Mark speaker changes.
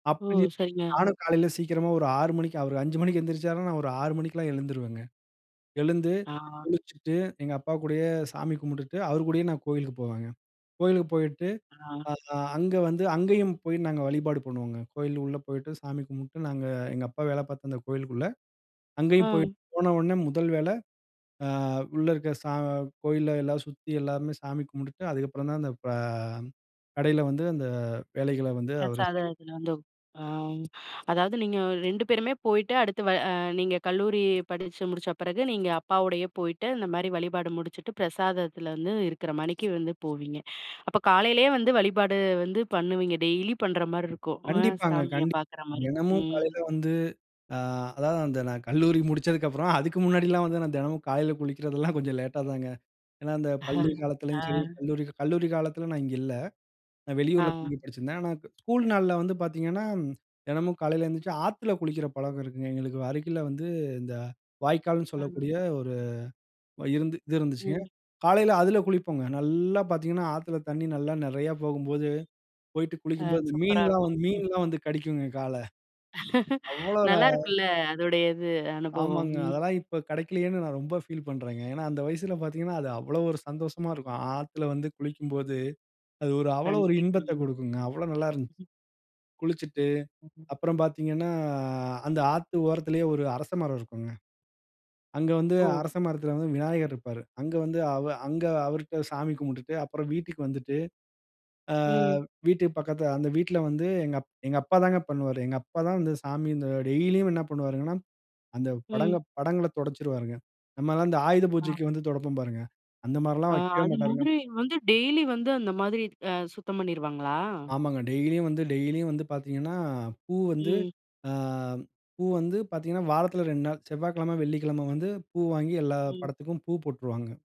Speaker 1: ஓ!
Speaker 2: அப்பையே
Speaker 1: சரிங்க.
Speaker 2: நானும் காலையில சீக்கிரமா ஒரு 6 மணிக்கு அவரு 5 மணிக்கு எந்திரிச்சார்னா, நான் ஒரு 6 மணிக்கெல்லாம் எழுந்துருவங்க. எழுந்து,
Speaker 1: ஆ.
Speaker 2: குளிச்சுட்டு எங்க அப்பா கூடயே சாமி கும்பிட்டுட்டு அவர் கூடயே நான் கோயிலுக்கு போவங்க. கோயிலுக்கு போயிட்டு,
Speaker 1: ஆ.
Speaker 2: ஆ அங்க வந்து அங்கேயும் போயி நாங்க வழிபாடு பண்ணுவோங்க. கோயில் உள்ள போயிட்டு, சாமி கும்பிட்டு நாங்க, எங்க அப்பா வேலை பார்த்த அந்த கோயிலுக்குள்ள அங்கேயும்
Speaker 1: அ.
Speaker 2: போயிட்டு, போன உடனே முதல் வேலை ஆ, உள்ள இருக்க சா கோயில்ல எல்லாம் சுத்தி எல்லாருமே சாமி கும்பிட்டுட்டு அதுக்கப்புறம் தான் அந்த ஆ, கடையில வந்து அந்த வேலைகளை வந்து அவரு
Speaker 1: பிரசாதம்
Speaker 2: செய்வா. [unintelligible]
Speaker 1: எடுத்துன்னு வந்து ஆ, அதாவது நீங்க அ 2 பேருமே போயிட்டு அடுத்து வ அ நீங்க கல்லூரி படிச்சு முடிச்ச பிறகு, நீங்க அப்பாவோடையே போயிட்டு இந்த மாரி வழிபாடு முடிச்சுட்டு, பிரசாதத்துல வந்து இருக்கிற மாணிக்கு வந்து போவீங்க. அப்போ காலையிலேயே வந்து வழிபாடு வந்து பண்ணுவீங்க, டெய்லி பண்ற மாரி இருக்கும். அ
Speaker 2: கண்டிப்பாங்க,
Speaker 1: சாமியை
Speaker 2: கண்டிப்பா.
Speaker 1: பார்க்குற மாரி.
Speaker 2: தினமும்
Speaker 1: ம்.
Speaker 2: காலையில வந்து அ, அதாவது அந்த நான் கல்லூரி முடித்ததுக்கப்புறம். அதுக்கு முன்னாடிலாம் வந்து நான் தினமும் காலையில குளிக்கிறதெல்லாம் கொஞ்சம் லேட்டா தாங்க. ஏன்னா அந்த பள்ளி காலத்துலேயும் சரி,
Speaker 1: அ.
Speaker 2: கல்லூரி, கல்லூரி காலத்துல நான் இங்க இல்ல. நான் வெளியூருல தங்கி
Speaker 1: அ.
Speaker 2: படிச்சிருந்தேன். ஆனா, க ஸ்கூல் நாள்ல வந்து பார்த்தீங்கன்னா, தினமும் காலையில எழுந்திரிச்சி ஆத்துல குளிக்கிற பழக்கம் இருக்குங்க எங்களுக்கு அருகில வந்து, இந்த வாய்க்கால்னு
Speaker 1: அ.
Speaker 2: சொல்லக்கூடிய ஒரு இருந்து இருந்துச்சுங்க.
Speaker 1: ம்.
Speaker 2: காலையில அதுல குளிப்போங்க. நல்லா பார்த்திங்கன்னா ஆத்துல தண்ணி நல்லா நிறையா போகும்போது, போயிட்டு
Speaker 1: அ
Speaker 2: குளிக்கும்போது
Speaker 1: சூப்பரா
Speaker 2: மீன்லாம்
Speaker 1: இருக்கும்.
Speaker 2: வந்து, மீன்லாம் வந்து கடிக்குங்க கால. அவ்வளோ அ
Speaker 1: நல்லா இருக்குல்ல, அதோடைய இது அனுபவம்?
Speaker 2: ஆமாங்க.
Speaker 1: ம்.
Speaker 2: அதெல்லாம் இப்போ கிடைக்கலையேன்னு நான் ரொம்ப ஃபீல் பண்றேங்க. ஏனா அந்த வயசுல பார்த்தீங்கன்னா, அது அவ்வளவு ஒரு சந்தோஷமா இருக்கும். ஆத்துல வந்து குளிக்கும்போது, அது ஒரு அவ்வளோ ஒரு இன்பத்த
Speaker 1: கண்டிப்பாங்க.
Speaker 2: குடுக்குங்க. அவ்வளோ நல்லா. [unintelligible]
Speaker 1: ம்.
Speaker 2: குளிச்சிட்டு
Speaker 1: ம்.
Speaker 2: அப்புறம் பார்த்தீங்கன்னா, அந்த ஆத்து ஓரத்திலயே ஒரு அரச மரம் இருக்கும்ங்க. அங்க வந்து
Speaker 1: ஓ!
Speaker 2: அரசமரத்துல வந்து விநாயகர் இருப்பாரு. அங்க வந்து அவ அங்க அவருட்ட சாமி கும்பிட்டுட்டு அப்புறம் வீட்டுக்கு வந்துட்டு, ஆ
Speaker 1: ம்.
Speaker 2: வீட்டுக்கு பக்கத்துல அந்த வீட்டுல வந்து எங்க அப் எங்க அப்பா தான் பண்ணுவாரு. எங்க அப்பா தான் வந்து சாமி இந்த டெய்லியும் என்ன பண்ணுவாருங்கனா, அந்த
Speaker 1: ம்.
Speaker 2: படங்கள் படங்களைத் துடைச்சுருவாருங்க. நம்ம எல்லாம் இந்த ஆயுத
Speaker 1: அ.
Speaker 2: பூஜைக்கு வந்து துடைப்போம் பாருங்க, அந்த
Speaker 1: ஆ,
Speaker 2: மாரில்லாம் வைக்கவே
Speaker 1: அது
Speaker 2: மாட்டாருங்க.
Speaker 1: மாதிரி வந்து டெய்லி வந்து அந்த மாதிரி அ சுத்தம் பண்ணிருவாங்களா?
Speaker 2: ஆமாங்க. டெய்லியும் வந்து, டெய்லியும் வந்து பார்த்தீங்கன்னா, பூ வந்து
Speaker 1: ம்.
Speaker 2: ஆ பூ வந்து பார்த்தீங்கன்னா, வாரத்துல 2 நாள் செவ்வாய்க்கிழமை, வெள்ளிக்கிழமை வந்து பூ வாங்கி எல்லா
Speaker 1: ம்.
Speaker 2: படத்துக்கும் பூ போட்ருவாங்க.